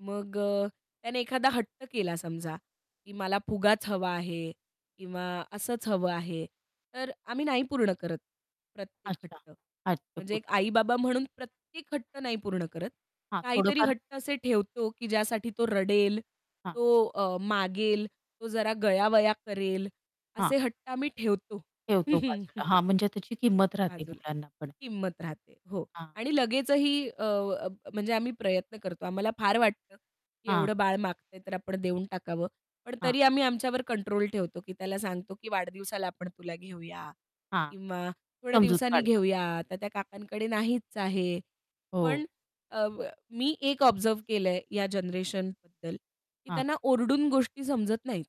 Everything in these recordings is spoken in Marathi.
मग अ, त्याने एखादा हट्ट केला समजा, की मला फुगाच हवा आहे किंवा असंच हवं आहे, तर आम्ही नाही पूर्ण करत प्रत्येक अच्छा, हट्ट. अच्छा. म्हणजे एक [unintelligible] आई-बाबा म्हणून प्रत्येक हट्ट नाही पूर्ण करत. हां, काहीतरी थोडंफार हट्ट असे ठेवतो, की ज्यासाठी तो रडेल, हां. तो अ, मागेल, तो जरा गयावया करेल. हां. असे हट्ट आम्ही ठेवतो. ठेवतो बाजूला. हां म्हणजे त्याची किंमत राहते बाजूला मुलांना पण. किंमत राहते. हो. हां. आणि लगेचही अ, अ, म्हणजे आम्ही प्रयत्न करतो. आम्हाला फार वाटतं, की हां. एवढं बाळ मागतंय तर आपण देऊन टाकावं. पण हां. तरी आम्ही आमच्यावर कंट्रोल ठेवतो, की त्याला सांगतो, की वाढदिवसाला आपण तुला घेऊया हां, किंवा थोड्या समजूत दिवसांनी काढता. घेऊया. आता त्या काकांकडे नाहीच आहे. पण हो. अ, मी एक ऑब्झर्व्ह केलंय या जनरेशनबद्दल, की हां. त्यांना ओरडून गोष्टी समजत नाहीत.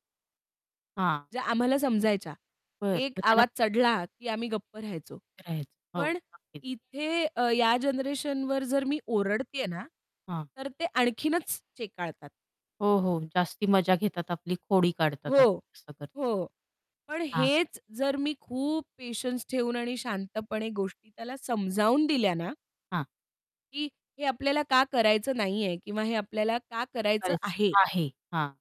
हां. ज्या आम्हाला समजायच्या. बरं एक मग त्यांला आवाज चढला, की आम्ही गप्प राहायचो. करायच हो पण नक्कीच. इथे अ, या जनरेशनवर जर मी ओरडतेय ना, हां. तर ते आणखीनच चेकाळतात. हो, हो. जास्ती मजा घेतात आपली खोडी काढतात हो, आप असं करता हो. पण हां. हेच जर मी खूप पेशन्स ठेऊन आणि शांतपणे गोष्टी त्याला समजावून दिल्या ना हां. की हे आपल्याला का करायचं नाहीये किंवा हे आपल्याला का करायचं [unintelligible] आहे? आहे, हां.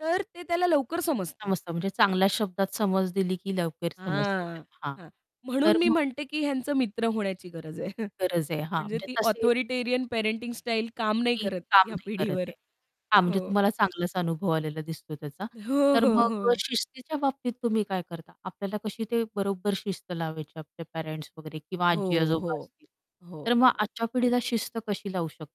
तर ते त्याला लवकर समजतं. समजत म्हणजे चांगल्या शब्दात समज दिली की लवकर समजत हां, त्याला हां, हां. म्हणून तर मी मग म्हणते की ह्यांचं मित्र होण्याची गरज आहे. गरज आहे हां. म्हणजे म्हणजे ती तसे ऑथॉरिटेरियन पॅरेंटिंग स्टाईल काम नाही की करत काम या नाही करत पिढीवर. आहे. हां, म्हणजे हो. तुम्हाला चांगलाच अनुभव आलेला दिसतो त्याचा. हो, तर हो, मग अ, हो. शिस्तीच्या बाबतीत तुम्ही काय करता? आपल्याला कशी ते बरोबर शिस्त लावायची आपल्या पेरेंट्स मग वगैरे किंवा हो, हो, आजी-आजोबा असतील, हो, तर मग हो. आजच्या पिढीला शिस्त कशी लावू शक